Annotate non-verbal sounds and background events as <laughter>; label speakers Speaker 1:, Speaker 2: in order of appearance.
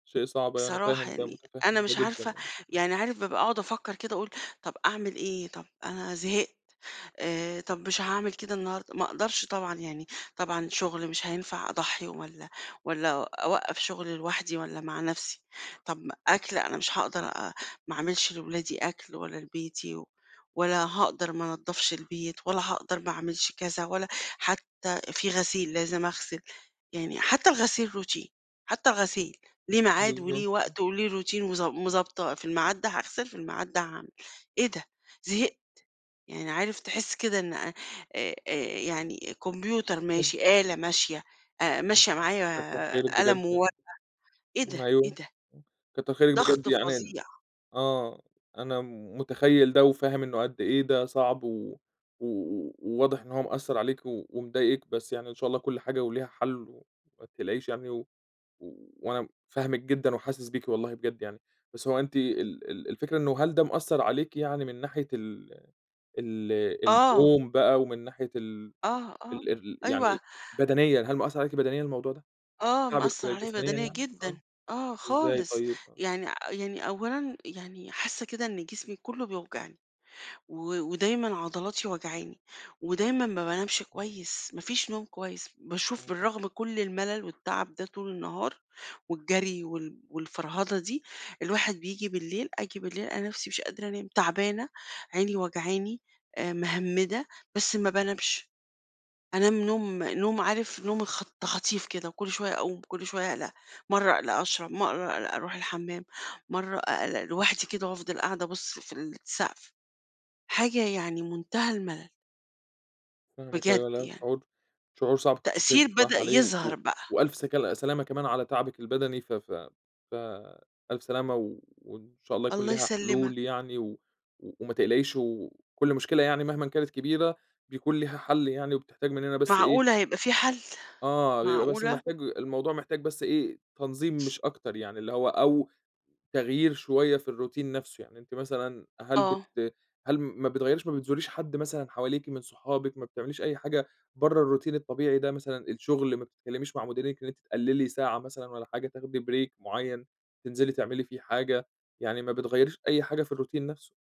Speaker 1: شيء صعب، أنا
Speaker 2: بصراحة
Speaker 1: فاهم ده،
Speaker 2: يعني أنا
Speaker 1: متفهِّم ده
Speaker 2: مش
Speaker 1: جدًا
Speaker 2: عارفة،
Speaker 1: يعني، امم.
Speaker 2: يعني عارف بابقى أقعد أفكّر كده اقول طب أعمل إيه؟ طب أنا زهقت، آآ، طب مش هاعمل كده النهارده، ما أقدرش طبعًا يعني، طبعًا شغل مش هينفع أضحّي والّا والّا أوقّف شغل لوحدي والّا مع نَفسي، طب أكْل أنا مش هاقدر أ ما اعملش لولادي أكْل ولا لبيتي و ولا هاقدر ما انضفش البيت، ولا هاقدر ما أعملش كذا، ولا حتى في غسيل لازم أغسل، يعني حتى الغسيل routine، حتى الغسيل، ليه ميعاد وليه
Speaker 1: بالضبط، امم.
Speaker 2: وقت وليه routine، وضب مضبطاه في الميعاد ده هاغسل في الميعاد ده هاعمل، إيه ده! زهقت، يعني، عارف تحس كده إن آآ، آآ يعني كمبيوتر
Speaker 1: حلو.
Speaker 2: ماشي، آلة ماشية، آآ، ماشية
Speaker 1: <unintelligible> كتّر خيرِك
Speaker 2: معايا
Speaker 1: بجد
Speaker 2: قلم
Speaker 1: يعني،
Speaker 2: وورقة، إيه
Speaker 1: ن
Speaker 2: ده،
Speaker 1: أيوه،
Speaker 2: إيه ده؟!
Speaker 1: امم، كتّر خيرِك
Speaker 2: ضغط
Speaker 1: بجد يعني ن
Speaker 2: فظيع.
Speaker 1: آه، أنا متخيّل ده وفاهم إنه قدّ إيه ده صعب و و وواضح إن هو مأثّر عليكِ ومضايقِك، بس يعني إن شاء الله كُلّ حاجة وليها حل وما تقلقيش يعني، و وأنا فاهمِك جدًا وحاسس بيكِ والله بجد يعني، بس هو أنتِ ال ال الفكرة إنه هل ده مأثّر عليكِ يعني من ناحية ال ال
Speaker 2: آه.
Speaker 1: اليوم بقى ومن ناحية ال
Speaker 2: آه، آه،
Speaker 1: ال الر
Speaker 2: أيوه
Speaker 1: يعني بدنيًا، هل مأثّر عليكِ بدنيًا الموضوع ده،
Speaker 2: آه،
Speaker 1: تاعبِك
Speaker 2: مأثّر عليَّ
Speaker 1: جسمانيًا
Speaker 2: بدنيًا
Speaker 1: يعني؟
Speaker 2: جدًا،
Speaker 1: آه،
Speaker 2: آه
Speaker 1: إزاي
Speaker 2: خالص،
Speaker 1: طيب؟ آه.
Speaker 2: يعني يعني أولًا يعني حاسّة كده إن جسمي كلّه بيوجعني، و ودايمًا عضلاتي واجعاني، ودايمًا ما بانامش كويس، ما فيش نوم كويس، باشوف
Speaker 1: امم.
Speaker 2: بالرغم كُلّ الملل والتعب ده طول النهار والجري وال والفَرهَدة دي، الواحد بييجي بالليل آجي بالليل ألاقي نَفسي مش قادرة أنام، تعبانة، عيني وجعاني، آآ، مهمّدة، بس ما بانامش، أنام نوم نوم عارف نوم خط تخاطيف كده، وكُلّ شوية اقوم، كُلّ شوية اقلق، مَرّة اقلق أشرب، مَرّة أروح الحمام، مَرّة أقلق لوحدي كده وأفضل قاعدة أبُصّ في السقف، حاجة يعني منتهى الملل.
Speaker 1: فاهمِك
Speaker 2: بجد
Speaker 1: أيوه، لا
Speaker 2: يعني.
Speaker 1: شعور شعور صعب، كتّر خيرِك
Speaker 2: تأثير
Speaker 1: بصراحة
Speaker 2: بدأ
Speaker 1: عليه،
Speaker 2: يظهر
Speaker 1: و
Speaker 2: بقى.
Speaker 1: وألف سكل سلامة كمان على تعبِك البدني، ف ف ف ألف سلامة، وإن شاء الله يكون
Speaker 2: الله
Speaker 1: ليها
Speaker 2: يسلمك.
Speaker 1: حلول يعني، و وما تقلقيش، وكُلّ مشكلة يعني مهمًا كانت كبيرة بيكون ليها حل يعني، وبتحتاج مننا بس إيه
Speaker 2: معقولة هيبقى في حل،
Speaker 1: آه، بيبقى بس
Speaker 2: معقولة؟!
Speaker 1: محتاج الموضوع محتاج بس إيه تنظيم مش أكتر يعني، اللي هو أو تغيير شوية في الroutine نَفسه، يعني أنتِ مثلًا هل
Speaker 2: آه.
Speaker 1: بت هل ما بتغيّريش ما بتزوريش حد مثلًا حواليكِ من صحابِك، ما بتعمليش أي حاجة برّا الroutine الطبيعي ده، مثلًا الشغل، ما بتتكلميش مع مديرِك إن أنتِ تقللي ساعة مثلًا والّا حاجة تاخدي break معيّن، تنزلي تعملي فيه حاجة، يعني ما بتغيّريش أي حاجة في الroutine نَفسه؟